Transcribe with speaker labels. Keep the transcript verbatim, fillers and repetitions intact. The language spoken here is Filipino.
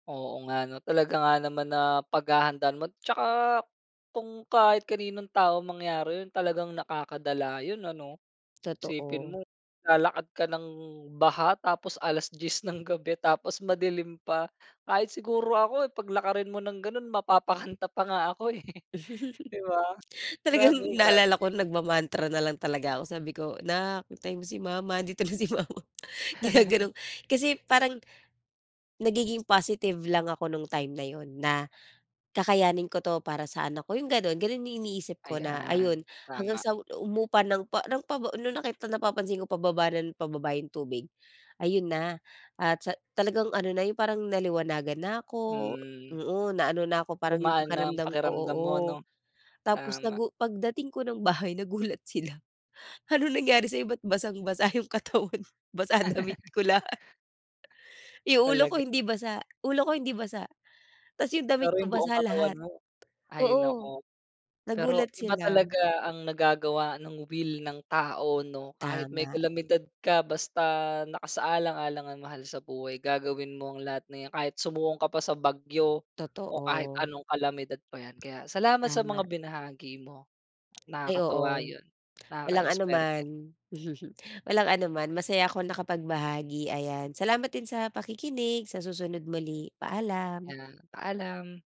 Speaker 1: Oo nga 'no, talaga nga naman na paghahandaan mo. Tsaka kung kahit kaninong tao mangyari yun, talagang nakakadala yun ano? Isipin
Speaker 2: Totoo.
Speaker 1: mo naglalakad ka ng baha, tapos alas-diyes ng gabi, tapos madilim pa. Kahit siguro ako eh paglakarin mo ng ganon, mapapakanta pa nga ako eh di ba?
Speaker 2: Talagang
Speaker 1: Grabe, grabe.
Speaker 2: naalala ko, nagma-mantra na lang talaga ako. Sabi ko, "'Nak, antayin mo si mama, andito na si mama, gina-ganon" kasi parang nagiging positive lang ako nung time na yun na, "Kakayanin ko 'to para sa anak ko." yung ganun. Ganun yung iniisip ko, na ayon,
Speaker 1: Ayan,
Speaker 2: hanggang
Speaker 1: tama.
Speaker 2: sa humupa ng pa ng pa nung nakita napapansin ko, pababa ng pababa na yung tubig. Ayon na, at sa talagang ano na, yung parang naliwanagan na ako.
Speaker 1: Hmm.
Speaker 2: Oo, na ano na 'ko, parang yung
Speaker 1: Gumaan na ang
Speaker 2: pakiramdam ko
Speaker 1: pakiramdam
Speaker 2: oo,
Speaker 1: mo, 'no?
Speaker 2: tapos
Speaker 1: Tama.
Speaker 2: nagu pagdating ko ng bahay, nagulat sila, ano nangyari sa'yo ba't basang-basa yung katawan, basa damit ko lahat. Yung ulo ko
Speaker 1: Talag
Speaker 2: hindi basa. Ulo ko hindi basa. Tapos yung damit
Speaker 1: Pero
Speaker 2: ko
Speaker 1: yung buong
Speaker 2: basa
Speaker 1: katawan
Speaker 2: lahat.
Speaker 1: mo hay
Speaker 2: Oo,
Speaker 1: naku. Pero
Speaker 2: nagulat
Speaker 1: iba
Speaker 2: sila.
Speaker 1: talaga ang nagagawa nung will ng tao, 'no? Kahit may
Speaker 2: Tama.
Speaker 1: kalamidad ka basta nakasaalang-alang ang mahal sa buhay, gagawin mo ang lahat na yan. Kahit sumuong ka pa sa bagyo o kahit
Speaker 2: Totoo.
Speaker 1: anong kalamidad pa yan. Kaya, salamat sa
Speaker 2: Tama.
Speaker 1: mga binahagi mo,
Speaker 2: Ay,
Speaker 1: nakakatuwa
Speaker 2: oo.
Speaker 1: yun.
Speaker 2: Walang
Speaker 1: Nakaka-inspired din.
Speaker 2: anuman. Walang anuman, masaya ako nakapagbahagi. Ayan, salamat din sa pakikinig. Sa susunod muli, paalam.
Speaker 1: 'Yan, paalam.